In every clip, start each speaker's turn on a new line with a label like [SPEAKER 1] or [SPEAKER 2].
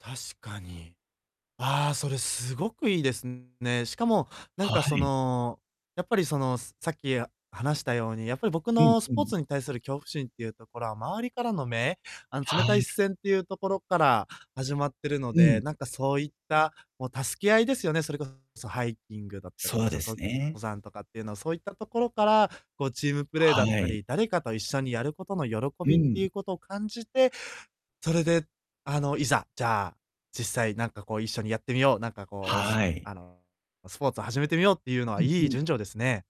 [SPEAKER 1] 確かに。ああ、それすごくいいですね。しかも、なん
[SPEAKER 2] は
[SPEAKER 1] かそ
[SPEAKER 2] い。
[SPEAKER 1] の、やっぱり、その、すさっき話したように、やっぱり僕
[SPEAKER 2] うん
[SPEAKER 1] のス
[SPEAKER 2] う
[SPEAKER 1] ポー
[SPEAKER 2] ん。
[SPEAKER 1] ツに対する恐怖心っていうところは、周りからの目あの、
[SPEAKER 2] は
[SPEAKER 1] 冷たい
[SPEAKER 2] い。
[SPEAKER 1] 視線ってゆうところから始まってるの
[SPEAKER 2] う
[SPEAKER 1] で、
[SPEAKER 2] ん。
[SPEAKER 1] なんかそういった、もう、助け合いですよね。それこそハイキングだったりと
[SPEAKER 2] そ
[SPEAKER 1] か、
[SPEAKER 2] うで
[SPEAKER 1] そ、と
[SPEAKER 2] すね。
[SPEAKER 1] 登山とかってゆうの、そういったところから、こう、チームプレイだ
[SPEAKER 2] は
[SPEAKER 1] った
[SPEAKER 2] い。
[SPEAKER 1] り、誰かと一緒にやることの喜
[SPEAKER 2] う
[SPEAKER 1] びって
[SPEAKER 2] ん。
[SPEAKER 1] ゆうこと感じて、それで、あの、いざ、じゃあ、実際なんか、こう、一緒にやってみよう、なんかこう、す
[SPEAKER 2] はい。
[SPEAKER 1] あの、スポーツ始めてみようってゆうの
[SPEAKER 2] う
[SPEAKER 1] は、
[SPEAKER 2] ん
[SPEAKER 1] いい
[SPEAKER 2] うん。
[SPEAKER 1] 順序ですね。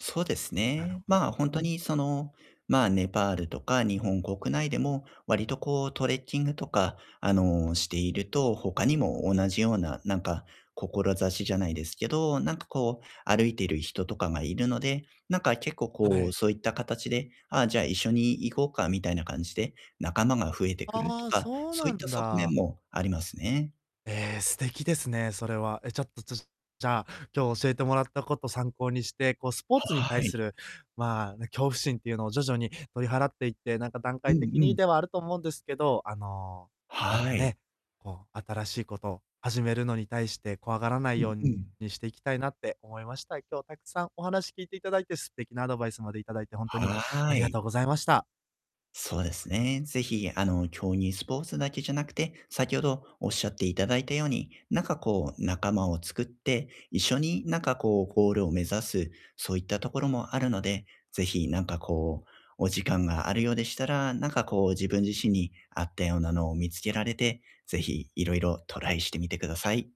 [SPEAKER 2] そうです
[SPEAKER 1] なる
[SPEAKER 2] ね。
[SPEAKER 1] ほど、
[SPEAKER 2] まあ、ほん
[SPEAKER 1] う
[SPEAKER 2] と
[SPEAKER 1] ん。
[SPEAKER 2] に、その、まあ、ネパールとか日本国内でも、わりとこう、トレッキングとか、あの、していると、他にも同じような、なんか、こころざしじゃないですけど、なんかこう、歩いてる人とかがいるので、なんか結構
[SPEAKER 1] は
[SPEAKER 2] こう、
[SPEAKER 1] い。
[SPEAKER 2] そういったかたちで、ああ、じゃ、一緒に行こうかみたいな感じで、仲間が増えてくると
[SPEAKER 1] ああ、
[SPEAKER 2] か、
[SPEAKER 1] そう
[SPEAKER 2] そう
[SPEAKER 1] な
[SPEAKER 2] いった
[SPEAKER 1] ん
[SPEAKER 2] 側面
[SPEAKER 1] だ。
[SPEAKER 2] もありますね。
[SPEAKER 1] ええ、素敵ですね、それは。え、ちょっと、ちょじゃあ、今日教えてもらったこと参考にして、こう、スポーツに
[SPEAKER 2] は
[SPEAKER 1] 対す
[SPEAKER 2] い。
[SPEAKER 1] る、まあ、あの、恐怖心っていうのを徐々に取り払っていって、なんか段
[SPEAKER 2] うん
[SPEAKER 1] 階的
[SPEAKER 2] う
[SPEAKER 1] に
[SPEAKER 2] ん。
[SPEAKER 1] ではあると思うんですけど、あの、なん
[SPEAKER 2] は
[SPEAKER 1] か
[SPEAKER 2] い。
[SPEAKER 1] ね、こう、新しいこと始めるのに対して怖がらな
[SPEAKER 2] う
[SPEAKER 1] い
[SPEAKER 2] ん
[SPEAKER 1] よう
[SPEAKER 2] う
[SPEAKER 1] に、
[SPEAKER 2] ん。
[SPEAKER 1] していきたいなって思いました。今日、たくさんお話聞いていただいて、素敵なアドバイスまでいただいて、ほんとにあ
[SPEAKER 2] は
[SPEAKER 1] りが
[SPEAKER 2] い。
[SPEAKER 1] とうございました。
[SPEAKER 2] そうですね、是非、あの、競技スポーツだけじゃなくて、先ほどおっしゃっていただいたように、なんかこう、仲間を作って、一緒になんかこう、ゴールを目指す、そういったところもあるので、是非、なんかこう、お時間があるようでしたら、なんかこう、自分自身に合ったようなのを見つけられて、是非、いろいろトライしてみてください。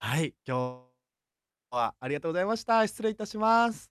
[SPEAKER 1] はい、今日は、ありがとうございました。失礼いたします。